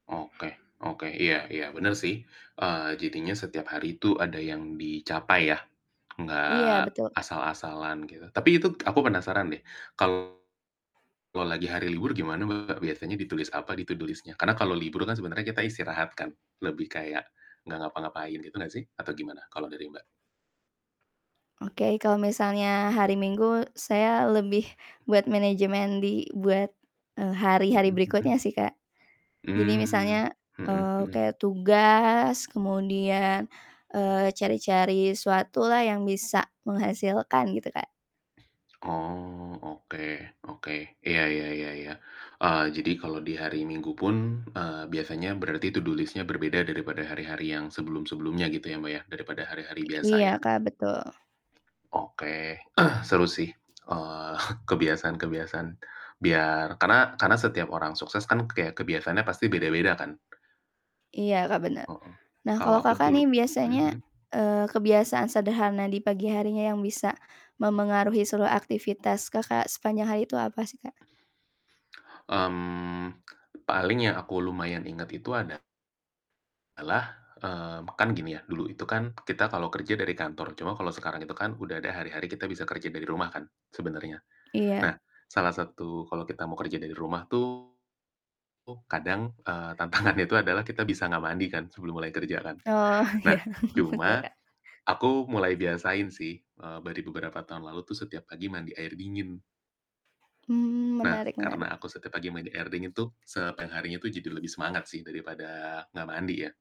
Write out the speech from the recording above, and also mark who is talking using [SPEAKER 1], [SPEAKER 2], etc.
[SPEAKER 1] Oke, oke, iya iya, bener sih, eee, jadinya setiap hari itu ada yang dicapai ya,
[SPEAKER 2] Iya,
[SPEAKER 1] nggak
[SPEAKER 2] betul, Kak.
[SPEAKER 1] asal-asalan gitu, tapi itu aku penasaran deh, kalau lagi hari libur gimana, Mbak? Biasanya ditulis apa di to do list-nya? Karena kalau libur kan sebenarnya kita istirahat kan, lebih kayak nggak ngapa-ngapain gitu nggak sih? Atau gimana kalau dari Mbak?
[SPEAKER 2] Oke, kalau misalnya hari Minggu saya lebih buat manajemen di buat, eee, hari-hari
[SPEAKER 1] Mhm
[SPEAKER 2] berikutnya
[SPEAKER 1] mhm.
[SPEAKER 2] sih, Kak. Jadi
[SPEAKER 1] Mmm,
[SPEAKER 2] misalnya,
[SPEAKER 1] mhm
[SPEAKER 2] eee,
[SPEAKER 1] mhm.
[SPEAKER 2] kayak tugas kemudian, eee, cari-cari suatu lah yang bisa menghasilkan gitu, Kak.
[SPEAKER 1] Oh, oke oke, iya ya ya ya, eee, jadi kalau di hari Minggu pun, eee, biasanya berarti to do list-nya berbeda daripada hari-hari yang sebelum-sebelumnya gitu ya, Mbak, ya, daripada hari-hari
[SPEAKER 2] I
[SPEAKER 1] biasa
[SPEAKER 2] iya,
[SPEAKER 1] ya?
[SPEAKER 2] Kak, betul.
[SPEAKER 1] Oke, seru sih, eee, kebiasaan-kebiasaan biar karena karena setiap orang sukses kan ya kebiasaannya pasti beda-beda kan.
[SPEAKER 2] Iya, Kak, bener.
[SPEAKER 1] Heeh,
[SPEAKER 2] Nah
[SPEAKER 1] kalau
[SPEAKER 2] kalau,
[SPEAKER 1] aku
[SPEAKER 2] Kakak,
[SPEAKER 1] dul
[SPEAKER 2] nih
[SPEAKER 1] mhm
[SPEAKER 2] biasanya,
[SPEAKER 1] mhm?
[SPEAKER 2] eee, kebiasaan sederhana di pagi harinya yang bisa mempengaruhi seluruh aktivitas Kakak sepanjang hari itu apa sih, Kak?
[SPEAKER 1] Mmm, paling yang aku lumayan inget itu adalah, mmm, kan gini ya, dulu itu kan kita kalau kerja dari kantor, cuma kalau sekarang itu kan udah ada hari-hari kita bisa kerja dari rumah kan sebenarnya.
[SPEAKER 2] Iya.
[SPEAKER 1] Nah, salah satu kalau kita mau kerja dari rumah tuh kadang, eee, tantangannya itu adalah kita bisa nggak mandi kan, sebelum mulai kerja kan.
[SPEAKER 2] Oh, iya,
[SPEAKER 1] Nah,
[SPEAKER 2] betul,
[SPEAKER 1] cuma
[SPEAKER 2] Kak.
[SPEAKER 1] aku mulai biasain sih, eee, bari beberapa tahun lalu tuh setiap pagi mandi air dingin.
[SPEAKER 2] Mmm,
[SPEAKER 1] Nah,
[SPEAKER 2] menarik menarik.
[SPEAKER 1] karena aku setiap pagi mandi air dingin tuh, sepanjang harinya tuh jadi lebih semangat sih daripada nggak mandi ya.